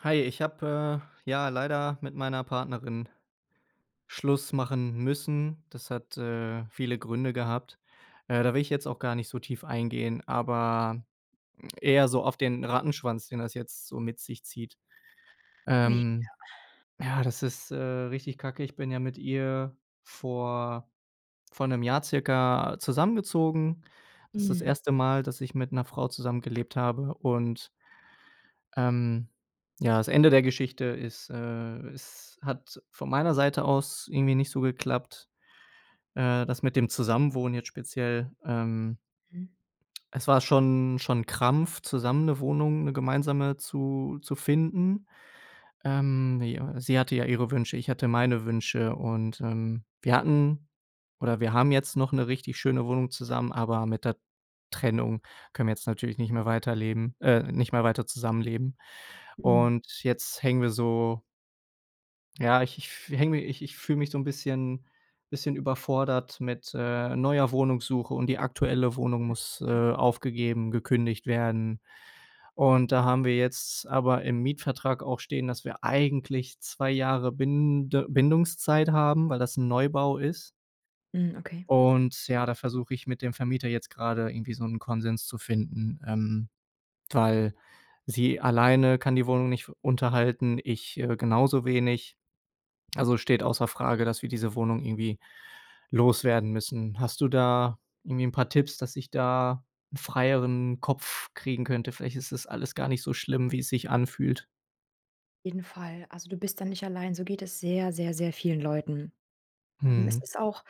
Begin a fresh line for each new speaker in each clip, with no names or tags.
Hi, ich habe, äh, ja leider mit meiner Partnerin Schluss machen müssen. Das hat, äh, viele Gründe gehabt. Äh, da will ich jetzt auch gar nicht so tief eingehen, aber eher so auf den Rattenschwanz, den das jetzt so mit sich zieht.
Oh je.
Ähm,
Ja.
ja, das ist, äh, richtig Kacke. Ich bin ja mit ihr vor vor 1 Jahr circa zusammengezogen. Das ist das
Mhm.
1. Mal, dass ich mit 'ner Frau zusammengelebt habe und ähm, ja, das Ende der Geschichte ist, äh, es hat von meiner Seite aus irgendwie nicht so geklappt. Äh, das mit dem Zusammenwohnen jetzt speziell, ähm
Hm.
es war schon schon 'n Krampf zusammen 'ne Wohnung, 'ne gemeinsame zu zu finden. Ähm, ja, sie hatte ja ihre Wünsche, ich hatte meine Wünsche und, ähm, wir hatten, oder wir haben jetzt noch 'ne richtig schöne Wohnung zusammen, aber mit der Trennung können wir jetzt natürlich nicht mehr weiterleben äh, nicht mehr weiter zusammenleben.
Hm.
Und, jetzt hängen wir so Ja, ich ich f hänge ich ich fühle mich so 'n bisschen bisschen überfordert mit, äh, neuer Wohnungssuche und die aktuelle Wohnung
M
muss,
ja.
äh, aufgegeben gekündigt werden. Und da haben wir jetzt aber im Mietvertrag auch stehen, dass wir eigentlich 2 Jahre Binde Bindungszeit haben, weil das 'n Neubau ist.
Mhm, okay.
Und ja, da versuche ich mit dem Vermieter jetzt gerade irgendwie so 'n Konsens zu finden, ähm, weil sie alleine kann die Wohnung nicht f unterhalten. Ich, äh, genauso wenig. Also, es steht außer Frage, dass wir diese Wohnung irgendwie loswerden müssen. Hast du da irgendwie 'n paar Tipps, dass ich da 'n freieren Kopf kriegen könnte? Vielleicht ist das alles gar nicht so schlimm, wie es sich anfühlt.
Jeden Fall. Also, du bist dann nicht allein, so geht es sehr, sehr, sehr vielen Leuten. Ähm, es
Mhm.
ist auch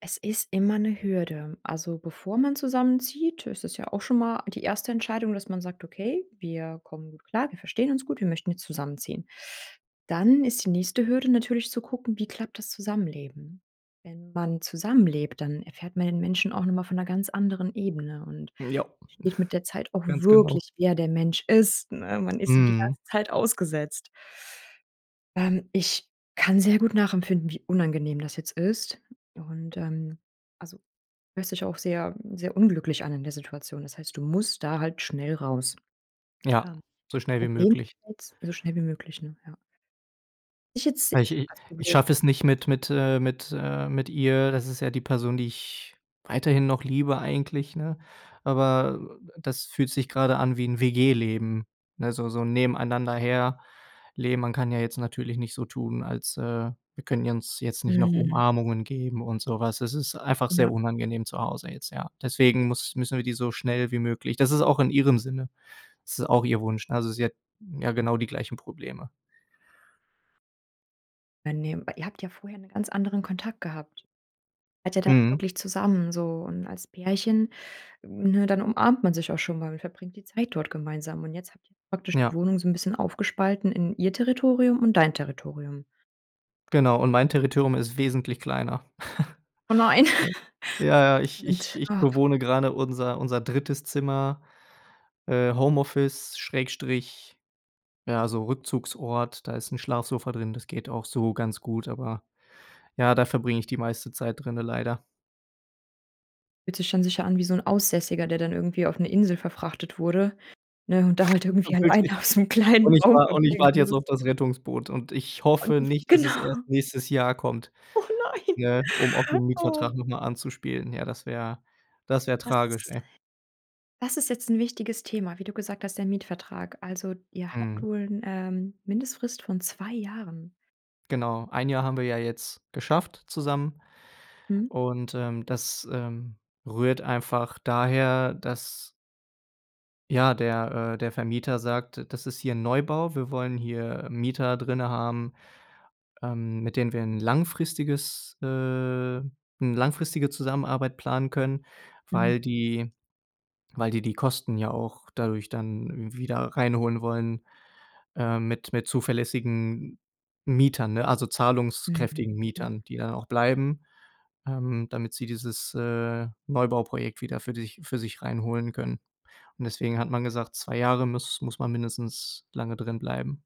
Es ist immer 'ne Hürde. Also, bevor man zusammenzieht, ist es ja auch schon mal die 1. Entscheidung, dass man sagt: „Okay, wir kommen gut klar. Wir verstehen uns gut. Wir möchten jetzt zusammenziehen.“ Dann ist die nächste Hürde natürlich zu gucken: Wie klappt das Zusammenleben? Wenn man zusammenlebt, dann erfährt man den Menschen auch nochmal von 'ner ganz anderen Ebene und
M ja.
versteht mit der Zeit auch
Ganz genau.
wirklich, wer der Mensch ist, ne? Man ist ihm die
Mhm.
ganze Zeit ausgesetzt. Ähm, ich kann sehr gut nachempfinden, wie unangenehm das jetzt ist. Und, ähm, also hörst dich auch sehr, sehr unglücklich an in der Situation. Das heißt, du musst da halt schnell raus,
Ja,
ähm.
so schnell wie
Problem
möglich.
jetzt so schnell wie möglich, ne, ja? Ich jetzt sehe
Weil ich i
als
ich
Problem
schaffe es nicht mit mit, äh mit äh, mit ihr. Das ist ja die Person, die ich weiterhin noch liebe eigentlich, ne? Aber das fühlt sich gerade an wie 'n WG-Leben ne, so so nebeneinander her leben. Man kann ja jetzt natürlich nicht so tun, als, äh Wir können uns jetzt nicht noch
Mhm.
Umarmungen geben und sowas. Das ist einfach
Ja.
sehr unangenehm zu Hause jetzt, ja. Deswegen muss müssen wir die so schnell wie möglich Das ist auch in ihrem Sinne. Das ist auch ihr Wunsch. Ne, also, sie hat ja genau die gleichen Probleme.
[unintelligible] Ihr habt ja vorher 'nen ganz anderen Kontakt gehabt. Wart ja dann
Mhm.
wirklich zusammen so und als Pärchen, ne, dann umarmt man sich auch schon mal und verbringt die Zeit dort gemeinsam. Und jetzt habt ihr praktisch die
Ja.
Wohnung so 'n bisschen aufgespalten in ihr Territorium und dein Territorium.
Genau. Und mein Territorium ist wesentlich kleiner.
Oh nein.
Ja, ja, ich ich
Und,
ich
oh.
bewohne gerade unser unser 3. Zimmer. Äh, Homeoffice Schrägstrich ja, so Rückzugsort, da ist 'n Schlafsofa drin. Das geht auch so ganz gut, aber, ja, da verbringe ich die meiste Zeit drinnen leider.
Fühlt sich dann sicher an wie so 'n Aussässiger, der dann irgendwie auf 'ne Insel verfrachtet wurde, ne, und da halt
Ja,
irgendwie alleine
wirklich.
auf so 'nem kleinen
Und ich
Raum
war und ich
verbringen
warte jetzt
muss.
auf das Rettungsboot und ich hoffe
[unintelligible]
nicht, dass es
Genau.
erst nächstes Jahr kommt.
Oh nein.
Ne, um auf den
Oh.
Mietvertrag noch mal anzuspielen. Ja, das wäre das wäre tragisch,
Das
ey.
das ist jetzt 'n wichtiges Thema, wie du gesagt hast, der Mietvertrag. Also, ihr habt
Mhm.
wohl 'n, ähm, Mindestfrist von 2 Jahren.
Genau. 1 Jahr haben wir ja jetzt geschafft zusammen.
Mhm.
Und, ähm, das, ähm, rührt einfach daher, dass Ja, der äh, der Vermieter sagt, das ist hier 'n Neubau. Wir wollen hier Mieter drinnen haben, ähm, mit denen wir 'n langfristiges äh, 'ne langfristige Zusammenarbeit planen können,
Mhm.
weil die weil die die Kosten ja auch dadurch dann wieder reinholen wollen, äh, mit mit zuverlässigen Mietern, ne, also
Mhm,
zahlungskräftigen
ja.
Mietern, die dann auch bleiben, ähm, damit sie dieses, äh, Neubauprojekt wieder für sich für sich reinholen können. Und deswegen hat man gesagt, 2 Jahre, muss muss man mindestens lange drin bleiben.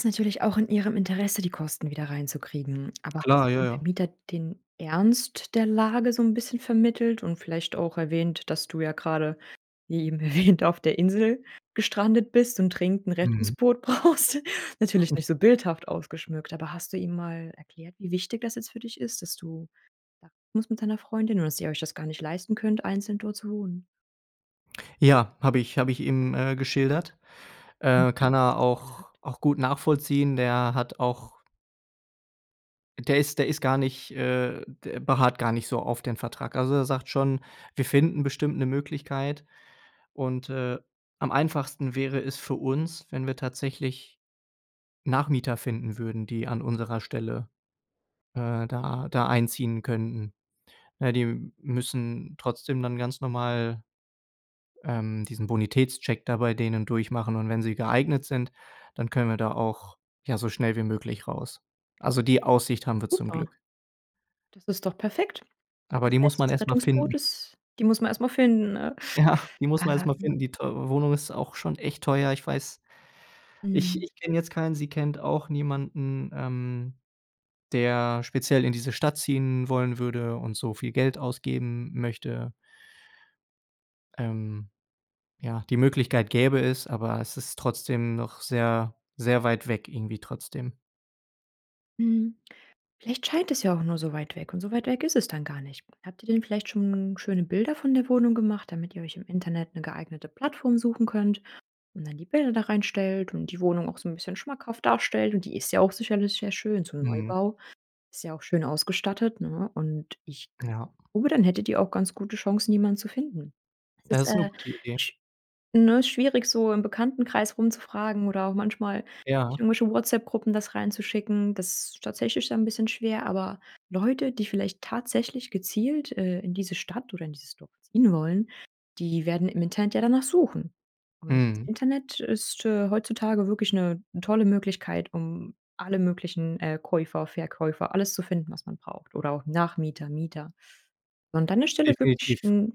Ist natürlich auch in ihrem Interesse, die Kosten wieder reinzukriegen. Aber hast
Klar,
du
ja,
dem
ja.
Vermieter den Ernst der Lage so 'n bisschen vermittelt und vielleicht auch erwähnt, dass du ja gerade wie eben erwähnt, auf der Insel gestrandet bist und dringend 'n
Mhm.
Rettungsboot brauchst. Natürlich nicht so bildhaft ausgeschmückt. Aber hast du ihm mal erklärt, wie wichtig das jetzt für dich ist, dass du [unintelligible] musst mit deiner Freundin und dass ihr euch das gar nicht leisten könnt, einzeln dort zu wohnen?
Ja, habe ich. Habe ich ihm, äh, geschildert. Äh, kann er
[unintelligible]
auch
gesagt?
auch gut nachvollziehen. Der hat auch Der ist der ist gar nicht äh, d beharrt gar nicht so auf den Vertrag. Also, er sagt schon, wir finden bestimmt 'ne Möglichkeit. Und, äh, am einfachsten wäre es für uns, wenn wir tatsächlich Nachmieter finden würden, die an unserer Stelle, äh, da da einziehen könnten. Äh, die müssen trotzdem dann ganz normal, ähm, diesen Bonitätscheck da bei denen durchmachen. Und wenn sie geeignet sind, dann können wir da auch, ja, so schnell wie möglich raus. Also, die Aussicht haben wir zum
Super.
Glück.
Das ist doch perfekt.
Aber
Das
die muss
heißt,
man
das
erstmal
Rettungsboot
finden.
ist die muss man erstmal finden, ne?
Ja, die muss man erst mal
Ähm
finden. Die teure Wohnung ist auch schon echt teuer, ich weiß. Ich
Mhm.
ich kenne jetzt keinen. Sie kennt auch niemanden, ähm, der speziell in diese Stadt ziehen wollen würde und so viel Geld ausgeben möchte. Ähm, ja, die Möglichkeit gäbe es, aber es ist trotzdem noch sehr, sehr weit weg, irgendwie trotzdem.
Mhm. Vielleicht scheint es ja auch nur so weit weg und so weit weg ist es dann gar nicht. Habt ihr denn vielleicht schon schöne Bilder von der Wohnung gemacht, damit ihr euch im Internet 'ne geeignete Plattform suchen könnt und dann die Bilder da reinstellt und die Wohnung auch so 'n bisschen schmackhaft darstellt? Und die ist ja auch sicherlich sehr schön, so 'n
Mhm.
Neubau ist ja auch schön ausgestattet, ne? Und ich k
Ja.
glaube, dann hättet ihr auch ganz gute Chancen, jemanden zu finden. Das ist,
Das ist 'ne
äh,
gute Idee.
sch ne, schwierig, so im Bekanntenkreis rumzufragen oder auch manchmal
Ja.
in irgendwelche WhatsApp-Gruppen das reinzuschicken. Das ist tatsächlich dann 'n bisschen schwer, aber Leute, die vielleicht tatsächlich gezielt, äh, in diese Stadt oder in dieses Dorf ziehen wollen, die werden im Internet ja danach suchen. Und das
Mhm.
Internet ist, äh, heutzutage wirklich 'ne tolle Möglichkeit, um alle möglichen, äh, Käufer, Verkäufer alles zu finden, was man braucht oder auch Nachmieter, Mieter. An deiner Stelle würde ich
Definitiv.
'n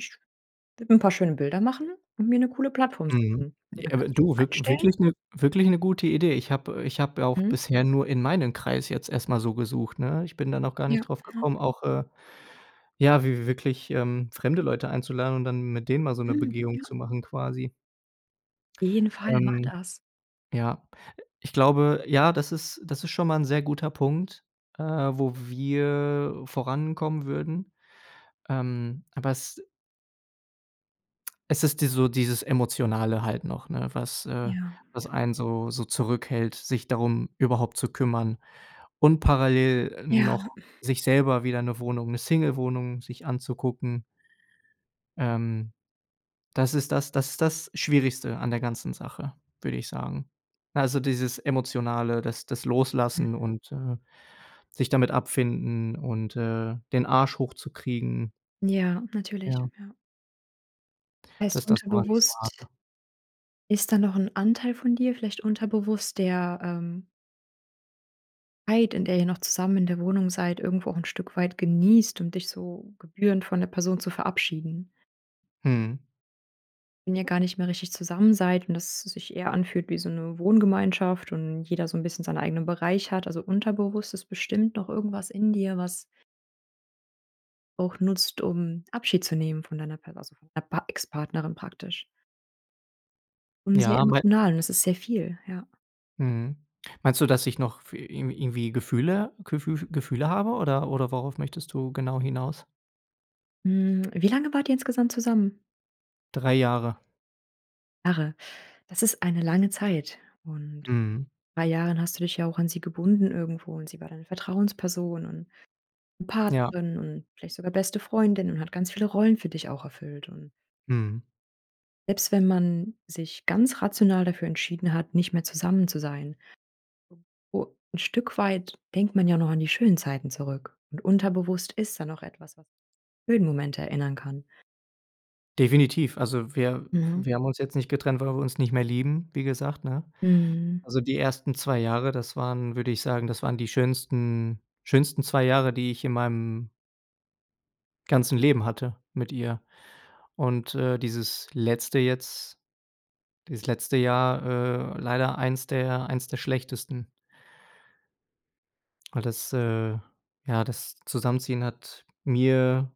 würde mir 'n paar schöne Bilder machen und mir 'ne coole Plattform
Mhm,
suchen.
ja
Und dann
abe
kannst du die
du
da
wirk
reinstellen.
wirklich 'ne wirklich 'ne gute Idee. Ich habe äh, ich habe auch
Mhm.
bisher nur in meinen Kreis jetzt erst mal so gesucht, ne? Ich bin da noch gar nicht
Ja,
drauf
ne?
gekommen, auch, äh ja, w wi wi wirklich, ähm, fremde Leute einzuladen und dann mit denen mal so 'ne
Mhm,
Begehung
ja.
zu machen, quasi.
Jeden Fall macht
Ähm,
das.
ja, ich glaube ja, das ist das ist schon mal ein sehr guter Punkt, äh, wo wir vorankommen würden. Ähm, aber es Es ist die so dieses Emotionale halt noch 'ne? Was äh,
Ja.
was
[unintelligible]
einen so so zurückhält, sich darum überhaupt zu kümmern und parallel
Ja.
noch sich selber wieder 'ne Wohnung 'ne Single-Wohnung sich anzugucken. Ähm, das ist das das ist das Schwierigste an der ganzen Sache, würde ich sagen. Also dieses Emotionale, das das
Hm.
Loslassen und, äh, sich damit abfinden und, äh, den Arsch hochzukriegen.
Ja, natürlich,
Ja.
ja. Heißt
Dass das gar nicht war, ne?
unterbewusst ist da noch 'n Anteil von dir, vielleicht unterbewusst, der, ähm Zeit, in der ihr noch zusammen in der Wohnung seid, irgendwo auch 'n Stück weit genießt, um dich so gebührend von der Person zu verabschieden.
Mhm.
Wenn ihr gar nicht mehr richtig zusammen seid und dass es sich eher anfühlt wie so 'ne Wohngemeinschaft und jeder so 'n bisschen seinen eigenen Bereich hat. Also unterbewusst ist bestimmt noch irgendwas in dir, was auch nutzt, um Abschied zu nehmen von deiner Pa also, von d Pa Ex-Partnerin praktisch. Und sehr
Ja, mei
emotional, und das ist sehr viel, ja.
Mhm. Meinst du, dass ich noch fü irgendwie irgendwie Gefühle Gefü Gefühle habe, oder oder worauf möchtest du genau hinaus?
Hm, wie lange wart ihr insgesamt zusammen?
3 Jahre.
Jahre. Das ist eine lange Zeit. Und in
Mhm.
3 Jahren hast du dich ja auch an sie gebunden irgendwo und sie war deine Vertrauensperson und
Ja.
Partnerin und vielleicht sogar beste Freundin und hat ganz viele Rollen für dich auch erfüllt und
Mhm.
selbst wenn man sich ganz rational dafür entschieden hat, nicht mehr zusammen zu sein u 'n Stück weit denkt man ja noch an die schönen Zeiten zurück und unterbewusst ist da noch etwas, was [unintelligible] schönen Momente erinnern kann.
Definitiv. Also, wir
Mhm.
wir haben uns jetzt nicht getrennt, weil wir uns nicht mehr lieben wie gesagt, ne?
Mhm.
Also die ersten 2 Jahre. Das waren würde ich sagen, das waren die schönsten schönsten zwei Jahre, die ich in meinem ganzen Leben hatte mit ihr und, äh, dieses letzte jetzt dieses letzte Jahr, äh leider 1 der 1 der schlechtesten. Weil das, äh, ja, das Zusammenziehen hat mir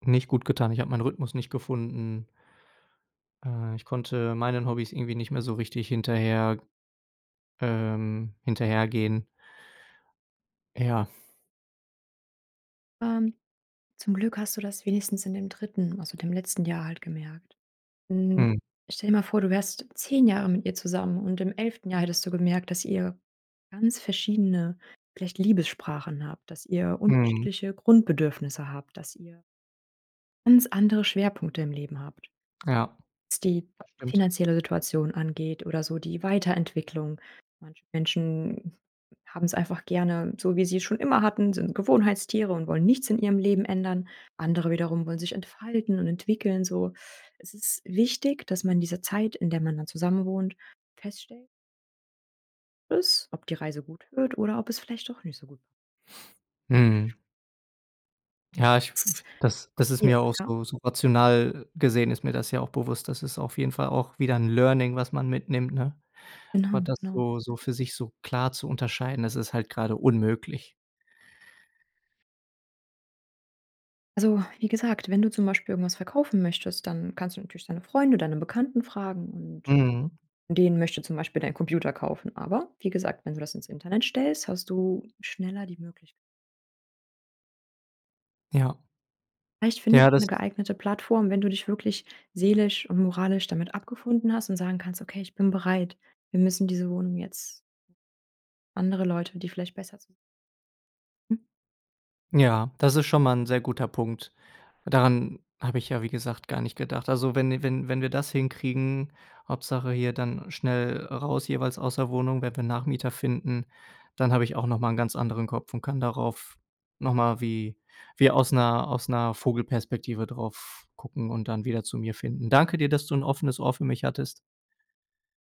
nicht gut getan. Ich habe meinen Rhythmus nicht gefunden. Äh, ich konnte meinen Hobbys irgendwie nicht mehr so richtig hinterher ähm, hinterhergehen. Ja.
Ähm, zum Glück hast du das wenigstens in dem 3., also dem letzten Jahr halt gemerkt. Hm,
Mhm.
stell dir mal vor, du wärst 10 Jahre mit ihr zusammen. Und im 11. Jahr hättest du gemerkt, dass ihr ganz verschiedene, vielleicht Liebessprachen habt, dass ihr
Mhm.
unterschiedliche Grundbedürfnisse habt, dass ihr ganz andere Schwerpunkte im Leben habt
Ja,
was die
das stimmt.
finanzielle Situation angeht oder so die Weiterentwicklung. Manche Menschen haben es einfach gerne, so wie sie es schon immer hatten, sind Gewohnheitstiere und wollen nichts in ihrem Leben ändern. Andere wiederum wollen sich entfalten und entwickeln, so. Es ist wichtig, dass man in dieser Zeit, in der man dann zusammenwohnt, feststellt is ob die Reise gut wird oder ob es vielleicht doch nicht so gut
Mhm. Ja, ich f f
Ist
f das das ist
viel,
mir auch
ja.
so so rational gesehen ist mir das ja auch bewusst. Das ist auf jeden Fall auch wieder 'n Learning, was man mitnimmt, ne? Aber
Genau,
das
genau.
so so
Mhm.
für sich so klar zu unterscheiden, das ist halt gerade unmöglich.
Also, wie gesagt, wenn du zum Beispiel irgendwas verkaufen möchtest, dann kannst du natürlich deine Freunde, deine Bekannten fragen und
Mhm.
den möchte zum Beispiel dein Computer kaufen. Aber wie gesagt, wenn du das ins Internet stellst, hast du schneller die Möglich
Ja.
Vielleicht findet
Ja,
man
das
'n
ist
geeignete Plattform, wenn du dich wirklich seelisch und moralisch damit abgefunden hast und sagen kannst: „Okay, ich bin bereit. Wir müssen diese Wohnung jetzt” Andere Leute, die vielleicht besser zu Hm.
Ja, das ist schon mal 'n sehr guter Punkt. Daran habe ich ja, wie gesagt, gar nicht gedacht. Also, wenn wenn wenn wir das hinkriegen Hauptsache hier dann schnell, äh, raus jeweils aus der Wohnung, wenn wir Nachmieter finden, dann habe ich auch noch mal 'n ganz anderen Kopf und kann darauf noch mal wie wie aus 'ner aus 'ner Vogelperspektive drauf gucken und dann wieder zu mir finden. Danke dir, dass du 'n offenes Ohr für mich hattest.